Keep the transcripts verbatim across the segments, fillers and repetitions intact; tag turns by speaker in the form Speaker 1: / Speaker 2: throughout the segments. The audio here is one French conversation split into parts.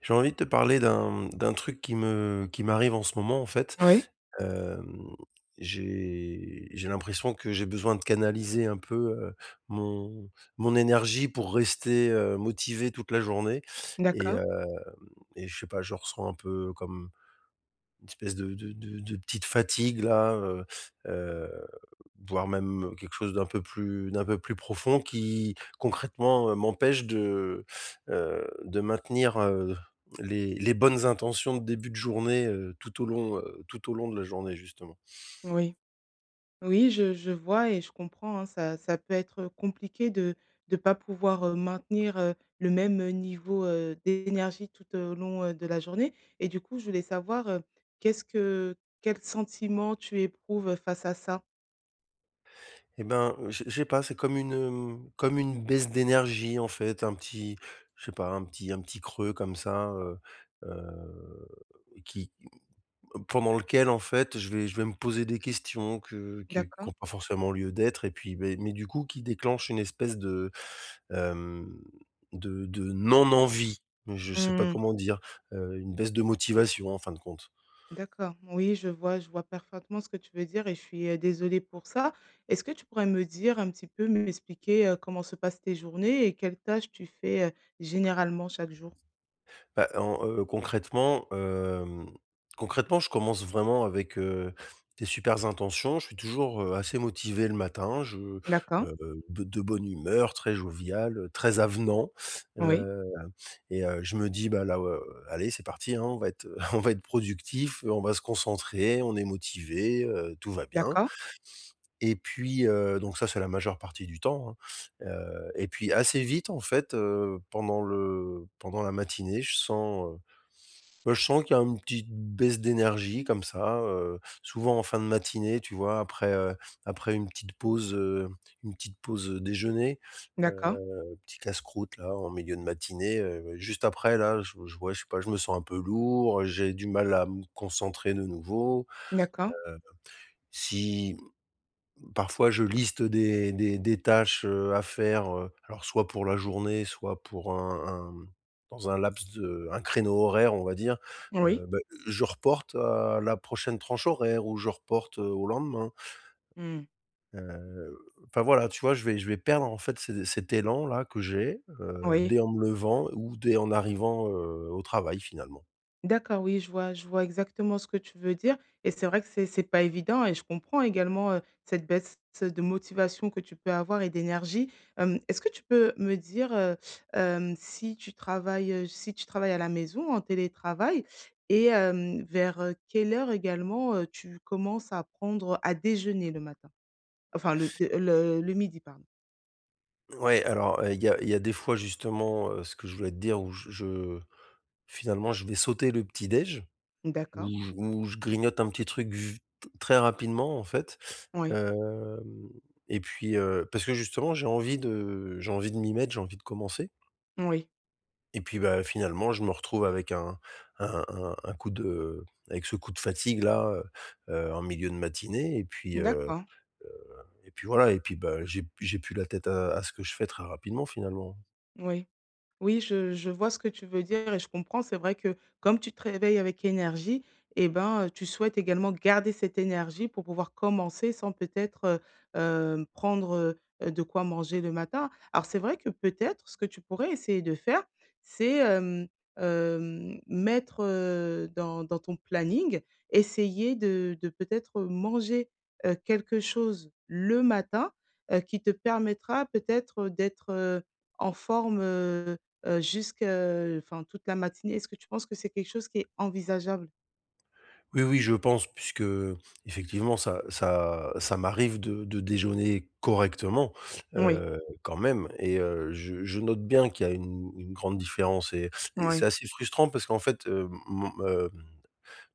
Speaker 1: J'ai envie de te parler d'un, mmh, d'un truc qui me qui m'arrive en ce moment, en fait.
Speaker 2: Oui.
Speaker 1: Hem, j'ai j'ai l'impression que j'ai besoin de canaliser un peu, heu, mon mon énergie pour rester, heu, motivé toute la journée, et
Speaker 2: D'accord.
Speaker 1: hem, et je sais pas, je ressens un peu, comme, une espèce de de de de petite fatigue-là. Heu heu, voire même, heu, quelque chose d'un peu plus d'un peu plus profond qui, concrètement, heu, m'empêche de, heu, de maintenir, heu, les les bonnes intentions de début de journée, heu, tout au long, heu, tout au long de la journée, justement.
Speaker 2: Mmh oui. Oui je je vois et je comprends, hein. Ça ça peut être, heu, compliqué de de pas pouvoir, heu, maintenir, heu, le même, heu, niveau, heu, d'énergie tout, heu, au long, heu, de la journée, et du coup, je voulais savoir, heu, qu'est-ce que quel sentiment tu éprouves face à ça?
Speaker 1: Et ben, j'ai j'ai pas c'est comme une, hem, comme une baisse d'énergie, en fait. Un petit, je sais pas, un petit un petit creux comme ça, heu, heu, qui, mmh pendant lequel, en fait, je vais je vais me poser des questions que qui qui
Speaker 2: D'accord.
Speaker 1: ont pas forcément lieu d'être et puis, bah mais du coup, qui déclenchent une espèce de, hem, de de non-envie. Je sais pas
Speaker 2: Mmh.
Speaker 1: comment dire, heu, une baisse de motivation, en fin de compte.
Speaker 2: D'accord. Oui, je vois je vois parfaitement ce que tu veux dire et je suis, heu, désolée pour ça. Est-ce que tu pourrais me dire un petit peu, m'expliquer, heu, comment se passent tes journées et quelles tâches tu fais, heu, généralement chaque jour?
Speaker 1: Ben en, heu, concrètement, hem, concrètement je commence vraiment avec, heu, des supers intentions. Je suis toujours, heu, assez motivé le matin. Je,
Speaker 2: D'accord.
Speaker 1: heu, de de bonne humeur, très jovial, heu, très avenant.
Speaker 2: Oui.
Speaker 1: Heu, et heu, je me dis: «Ben là, heu, allez, c'est parti, hein, on va être, heu, on va être productif, heu, on va se concentrer, on est motivé, heu, tout va bien».
Speaker 2: D'accord.
Speaker 1: Et puis, heu, donc ça, c'est la majeure partie du temps, hein. Heu, et puis assez vite, en fait, heu, pendant le pendant la matinée je sens, heu, ben je sens qu'il y a un petit baisse d'énergie comme ça, heu, souvent en fin de matinée, tu vois. Après, heu, après une petite pause, heu, une petite pause, heu, déjeuner.
Speaker 2: D'accord.
Speaker 1: Heu, petit casse-croûte, là, en milieu de matinée, heu, juste après, là, je j ouais, je sais pas, je me sens un peu lourd, j'ai du mal à me concentrer de nouveau.
Speaker 2: D'accord.
Speaker 1: Heu, si, mmh, parfois, je liste des des des tâches, heu, à faire, heu, alors soit pour la journée, soit pour un un, mmh, dans un laps de un créneau horaire, on va dire.
Speaker 2: Oui.
Speaker 1: Heu, bah, je reporte à la prochaine tranche horaire ou je reporte, heu, au lendemain.
Speaker 2: Mmh.
Speaker 1: Heu, enfin voilà, tu vois, je vais je vais perdre, en fait, ce cet élan-là que j'ai, heu,
Speaker 2: Oui.
Speaker 1: dès en me levant ou dès en arrivant, heu, au travail, finalement.
Speaker 2: D'accord. Oui, je vois je vois exactement ce que tu veux dire et c'est vrai que c'est c'est pas évident et je comprends également, heu, cette baisse, heu, de motivation que tu peux avoir et d'énergie. Hem, est-ce que tu peux me dire, heu, hem, si tu travailles, heu, si tu travailles à la maison, en télétravail? Et hem, vers, heu, quelle heure également, heu, tu commences à prendre à déjeuner le matin? Enfin le de, heu, le le midi, pardon?
Speaker 1: Ouais alors, heu, il y a il y a des fois justement, heu, ce que je voulais te dire où je je finalement je vais sauter le petit déj,
Speaker 2: Mmh
Speaker 1: où
Speaker 2: d'accord.
Speaker 1: j où je grignote un petit truc v t très rapidement, en fait,
Speaker 2: Oui.
Speaker 1: hem, et puis, heu, parce que justement j'ai envie de j'ai envie de m'y mettre, j'ai envie de commencer
Speaker 2: Moui.
Speaker 1: et puis bah finalement, je me retrouve avec un un un un coup de avec ce coup de fatigue là, heu heu, en milieu de matinée et puis, heu
Speaker 2: D'accord.
Speaker 1: heu, et puis voilà et puis bah, j'ai p j'ai plus la tête à à ce que je fais très rapidement, finalement.
Speaker 2: Oui. Oui je je vois ce que tu veux dire et je comprends, c'est vrai que, comme tu te réveilles avec énergie et ben, heu, tu souhaites également garder cette énergie pour pouvoir commencer sans peut-être, heu, hem, prendre, heu heu, de quoi manger le matin. Alors c'est vrai que peut-être, ce que tu pourrais essayer de faire, c'est, hem hem, mettre, heu, dans dans ton planning, essayer de, de peut-être, heu, manger, heu, quelque chose le matin, heu, qui te permettra peut-être, heu, d'être, heu, en forme, heu heu, jusque, heu, enfin toute la matinée. Est-ce que tu penses que c'est quelque chose qui est envisageable?
Speaker 1: Oui, oui je pense, puisqu'effectivement ça ça ça m'arrive de de déjeuner correctement,
Speaker 2: Moui.
Speaker 1: heu, quand même et heu, je je note bien qu'il y a une une grande différence et et c'est
Speaker 2: Ouais.
Speaker 1: assez frustrant parce qu'en fait, hem, mon, hem,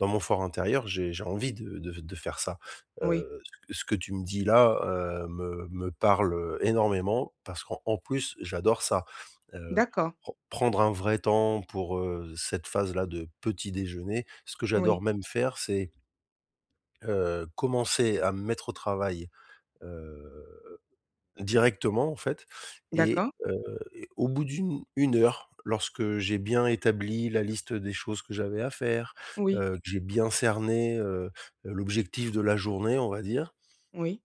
Speaker 1: dans mon fort intérieur j'ai j'ai envie de de f de faire ça.
Speaker 2: Oui.
Speaker 1: Heu, ce que ce que tu me dis là, heu, me me parle, heu, énormément, parce qu'en en plus j'adore ça, heu,
Speaker 2: D'accord.
Speaker 1: pren prendre un vrai temps pour, heu, cette phase-là de petit déjeuner. Ce que j'adore
Speaker 2: Oui.
Speaker 1: même faire c'est heu, commencer à me mettre au travail, heu, directement, en fait et
Speaker 2: D'accord.
Speaker 1: heu, et au bout d'une une heure lorsque j'ai bien établi la liste des choses que j'avais à faire,
Speaker 2: Oui.
Speaker 1: heu, que j'ai bien cerné, heu heu, l'objectif de la journée, on va dire
Speaker 2: Oui.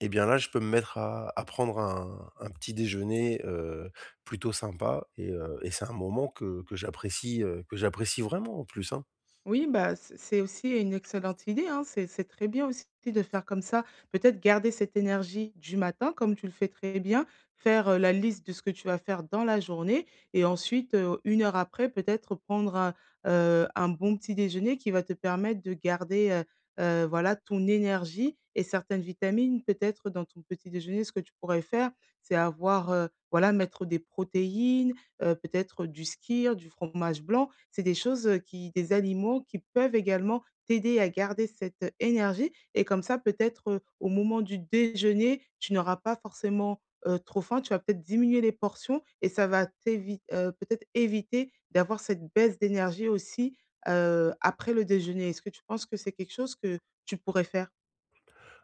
Speaker 1: et bien là je peux me mettre à à prendre un un petit déjeuner, heu, plutôt sympa et heu, et c'est un moment que que j'apprécie, heu, que j'apprécie vraiment en plus, hein.
Speaker 2: Oui, bah c c'est aussi une excellente idée, hein, c'est c'est très bien aussi de faire comme ça, peut-être garder cette énergie du matin comme tu le fais très bien, faire, heu, la liste de ce que tu vas faire dans la journée et ensuite, heu, une heure après peut-être, heu, prendre un, heu, un bon petit déjeuner qui va te permettre de garder, heu heu, voilà ton énergie et certaines vitamines peut-être dans ton petit déjeuner. Ce que tu pourrais faire, c'est avoir, heu, voilà mettre des protéines, heu, peut-être du skyr, du fromage blanc, c'est des choses, heu, qui des aliments qui peuvent également t'aider à garder cette, heu, énergie et comme ça, peut-être, heu, au moment du déjeuner, tu n'auras pas forcément, heu, trop faim. Tu vas peut-être diminuer les portions et ça va t'évite heu, peut-être éviter d'avoir cette baisse d'énergie aussi, heu, après le déjeuner. Est-ce que tu penses que c'est quelque chose que tu pourrais faire?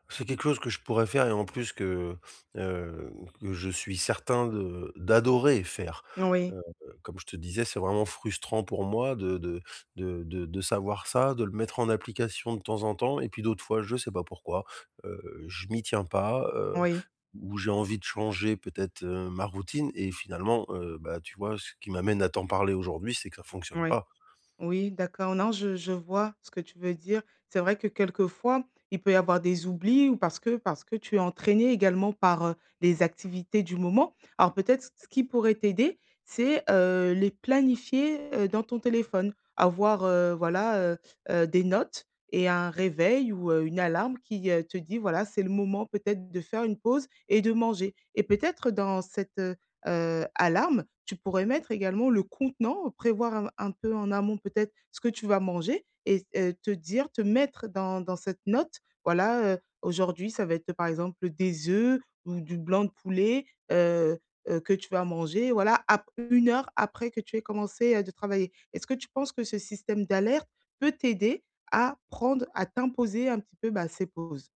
Speaker 1: C'est quelque chose que je pourrais faire et en plus que, hem, que je suis certain de d'adorer faire.
Speaker 2: Moui.
Speaker 1: Heu, comme je te disais, c'est vraiment frustrant pour moi de de de de de savoir ça, de le mettre en application de temps en temps et puis d'autres fois je sais pas pourquoi, heu, je m'y tiens pas, heu,
Speaker 2: Oui.
Speaker 1: ou j'ai envie de changer peut-être, heu, ma routine et finalement, heu, bah tu vois ce qui m'amène à t'en parler aujourd'hui, c'est que ça fonctionne
Speaker 2: Moui.
Speaker 1: pas.
Speaker 2: Oui, d'accord, non je je vois ce que tu veux dire. C'est vrai que quelquefois, il peut y avoir des oublis ou parce que parce que tu es entraîné également par, heu, les activités du moment. Alors peut-être ce qui pourrait t'aider, c'est, heu, les planifier, heu, dans ton téléphone, avoir, heu, voilà, heu heu, des notes et un réveil ou heu, une alarme qui, heu, te dit voilà c'est le moment peut-être de faire une pause et de manger et peut-être dans cette, heu heu, alarme, tu pourrais mettre également le contenant, prévoir un un peu en amont peut-être ce que tu vas manger et s heu, te dire te mettre dans dans cette note. Voilà, heu, aujourd'hui, ça va être, par exemple, des œufs ou du blanc de poulet, heu heu, que tu vas manger, voilà, après une heure, après que tu aies commencé, heu, de travailler. Est-ce que tu penses que ce système d'alerte peut t'aider à prendre, à t'imposer un petit peu, bah, ces pauses?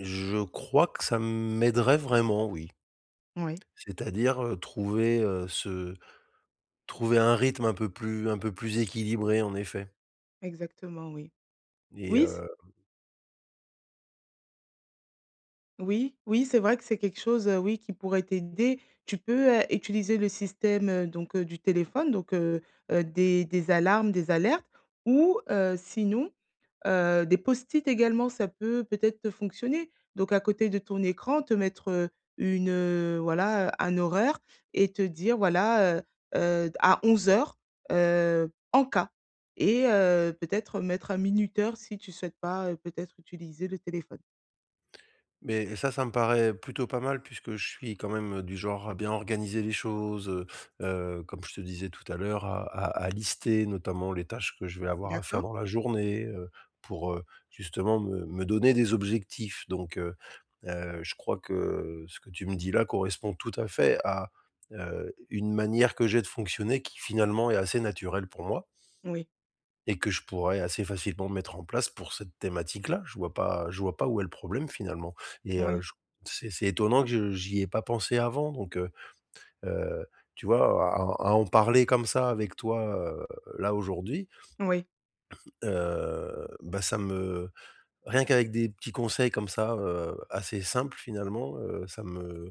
Speaker 1: Je crois que ça m'aiderait vraiment, oui
Speaker 2: Moui.
Speaker 1: c'est-à-dire, heu, trouver, heu, ce trouver un rythme un peu plus un peu plus équilibré, en effet
Speaker 2: Exactement, oui.
Speaker 1: et
Speaker 2: Oui, s
Speaker 1: hem
Speaker 2: Oui, oui c'est vrai que c'est quelque chose, heu, oui, qui pourrait t'aider. Tu peux, heu, utiliser le système, heu, donc heu, du téléphone, donc heu heu, des des alarmes, des alertes ou heu, sinon, heu, des post-it également, ça peut peut-être, heu, fonctionner, donc à côté de ton écran te mettre, heu, une, heu, voilà, heu, un horaire et te dire voilà, heu heu: «D à onze heures, heu, en cas», et heu, peut-être mettre un minuteur si tu souhaites pas, heu, peut-être utiliser le téléphone.
Speaker 1: Mais ça, ça me paraît plutôt pas mal puisque je suis quand même, heu, du genre à bien organiser les choses, heu heu, comme je te disais tout à l'heure à à à lister notamment les tâches que je vais avoir à faire
Speaker 2: D'accord.
Speaker 1: dans la journée, heu, pour, heu, justement me me donner des objectifs donc heu heu, je crois que ce que tu me dis là correspond tout à fait à, heu, une manière que j'ai de fonctionner qui finalement est assez naturelle pour moi
Speaker 2: Oui.
Speaker 1: et que je pourrais assez facilement mettre en place pour cette thématique là, je vois pas je vois pas où est le problème finalement et heu,
Speaker 2: Oui.
Speaker 1: ch c'est c'est étonnant que je j'y ai pas pensé avant donc heu heu, tu vois à à à en parler comme ça avec toi, heu, là aujourd'hui
Speaker 2: Oui.
Speaker 1: heu, ben, ça me rien qu'avec des petits conseils comme ça, heu, assez simples finalement, heu, ça me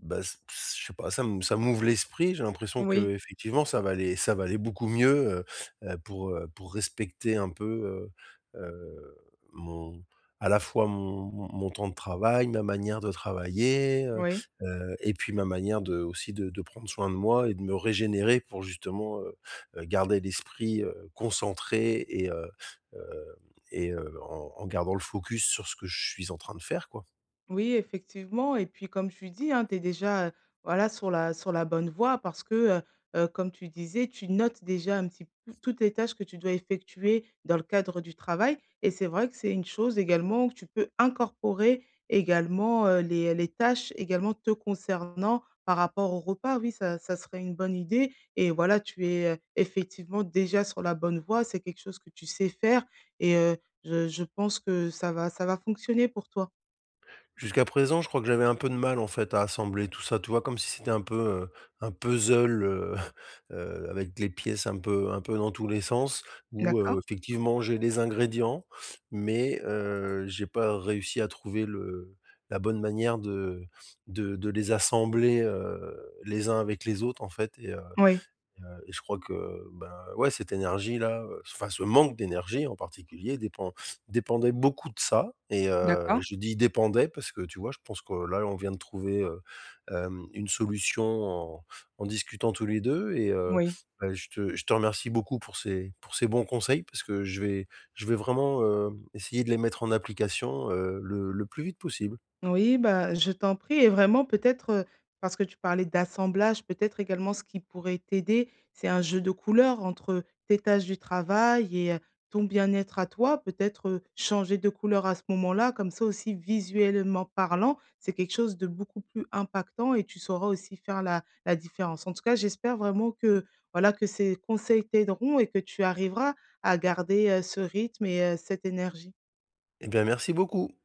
Speaker 1: bah s p s je sais pas ça m ça m'ouvre l'esprit, j'ai l'impression
Speaker 2: Oui.
Speaker 1: qu'effectivement ça va aller ça va aller beaucoup mieux, heu heu, pour, heu, pour respecter un peu, heu heu, mon à la fois mon mon mon temps de travail, ma manière de travailler, heu
Speaker 2: Oui.
Speaker 1: heu, et puis ma manière de aussi de de prendre soin de moi et de me régénérer pour justement, heu heu, garder l'esprit, heu, concentré et heu, hem, et heu, en en gardant le focus sur ce que je suis en train de faire, quoi.
Speaker 2: Oui effectivement et puis comme tu dis, hein, tu es déjà, heu, voilà sur la sur la bonne voie parce que, heu heu, comme tu disais tu notes déjà un petit peu toutes les tâches que tu dois effectuer dans le cadre du travail et c'est vrai que c'est une chose également que tu peux incorporer également, heu, les les tâches également te concernant par rapport au repas oui, ça ça serait une bonne idée et voilà tu es, heu, effectivement déjà sur la bonne voie, c'est quelque chose que tu sais faire et heu, je je pense que ça va ça va fonctionner pour toi.
Speaker 1: Jusqu'à présent, je crois que j'avais un peu de mal, en fait, à assembler tout ça, tu vois, comme si c'était un peu, heu, un puzzle, heu, heu, avec les pièces un peu un peu dans tous les sens. Où,
Speaker 2: D'accord.
Speaker 1: heu, effectivement, j'ai les ingrédients mais heu, j'ai pas réussi à trouver le la bonne manière de de de les assembler, heu, les uns avec les autres, en fait, et heu,
Speaker 2: Oui.
Speaker 1: et heu, et je crois que, ben, ouais, cette énergie là, heu, enfin, ce manque d'énergie en particulier dépend dépendait beaucoup de ça et heu,
Speaker 2: D'accord.
Speaker 1: je dis «dépendait», parce que, tu vois, je pense que là, on vient de trouver, heu, hem, une solution en en discutant tous les deux, et heu,
Speaker 2: Oui.
Speaker 1: bah, je te je te remercie beaucoup pour ces pour ces bons conseils, parce que je vais je vais vraiment, heu, essayer de les mettre en application, heu, le le plus vite possible.
Speaker 2: Oui, bah, je t'en prie et vraiment peut-être, heu, parce que tu parlais d'assemblage, peut-être également, ce qui pourrait t'aider, c'est un jeu de couleur entre, heu, tes tâches du travail et heu, ton bien-être à toi, peut-être, heu, changer de couleur à ce moment-là, comme ça aussi, visuellement parlant, c'est quelque chose de beaucoup plus impactant et tu sauras aussi faire la la différence. En tout cas, j'espère vraiment que, voilà, que ces conseils t'aideront et que tu arriveras à garder, heu, ce rythme et heu, cette énergie.
Speaker 1: Et bien, merci beaucoup.